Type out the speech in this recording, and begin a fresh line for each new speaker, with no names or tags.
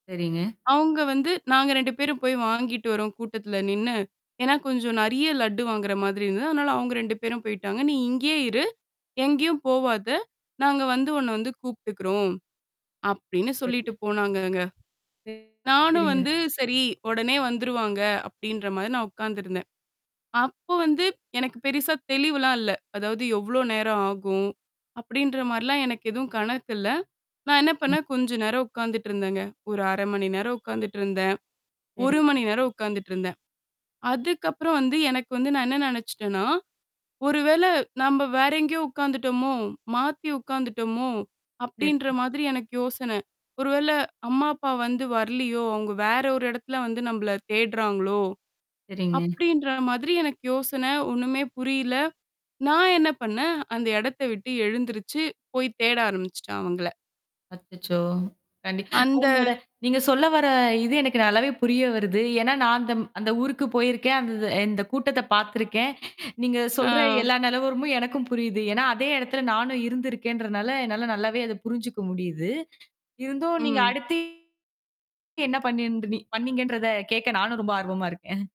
சரிங்க.
அவங்க வந்து, "நாங்க 2 பேரும் போய் வாங்கிட்டு வரோம், கூட்டத்துல நின்னு." ஏன்னா கொஞ்சம் நிறைய லட்டு வாங்குற மாதிரி இருந்தது. அதனால அவங்க 2 பேரும் போயிட்டாங்க. "நீ இங்கேயே இரு. எங்கயும் போவாதே. நாங்க வந்து உன்னை வந்து கூப்பிட்டுக்கிறோம்." அப்படின்னு சொல்லிட்டு
[unintelligible]
போனாங்கங்க. நானும்
சரிங்க.
வந்து சரி, "உடனே வந்துருவாங்க." அப்படீன்ற மாரி நான் உட்கார்ந்து இருந்தேன். அப்ப வந்து எனக்குப் பெருசா தெளிவுலாம் இல்ல. அதாவது "எவ்வளவு நேரம் ஆகும்?" அப்படின்ற மாரிலாம் எனக்கு எதுவும் கணக்கு இல்ல. நான் என்ன பண்ணேன் கொஞ்சம் நேரம் உட்கார்ந்துட்டு இருந்தேங்க. ஒரு 1/2 மணி நேரம் உட்கார்ந்துட்டு இருந்தேன், 1
சரிங்க.
மணி நேரம் உட்கார்ந்துட்டு இருந்தேன். அதுக்கப்புறம் வந்து எனக்கு வந்து நான் என்ன நினைச்சுட்டேன்னா, "ஒருவேளை நாம வேற எங்கயோ உட்கார்ந்துட்டோமோ, மாத்தி உட்கார்ந்துட்டோமோ?" அப்படின்ற
சரிங்க.
மாதிரி எனக்கு யோசனை. ஒருவேளை "அம்மா, அப்பா வந்து வரலையோ, அவங்க வேற ஒரு இடத்துல வந்து நம்பளை தேடுறாங்களோ!"
சரிங்க.
அப்படின்ற மாதிரி எனக்கு யோசனை. ஒண்ணுமே புரியல. நான் என்ன பண்ணேன் அந்த இடத்தை விட்டு எழுந்திருச்சு போய் தேட ஆரம்பிச்சிட்டேன், அவங்கள.
அச்சச்சோ! கண்டிப்பா
அந்த
உங்களோட நீங்க சொல்ல வர்ற இது எனக்கு நல்லாவே புரிய வருது. ஏன்னா நான் அந்தம் அந்த ஊருக்குப் போயிருக்கேன். அந்த இந்த கூட்டத்தைப் பாத்திருக்கேன். நீங்க சொல்ற
ஆ.
எல்லா நிலவரமும் எனக்கும் புரியுது. ஏன்னா, அதே இடத்துல நானும் இருந்திருக்கேன்றதுனால என்னால நல்லாவே அத புரிஞ்சுக்க முடியுது. இருந்தும் நீங்க
ம்.
அடுத்து என்ன பண்ணின்டுனி பண்ணீங்கன்றத கேட்க நானும் ரொம்ப ஆர்வமா இருக்கேன்.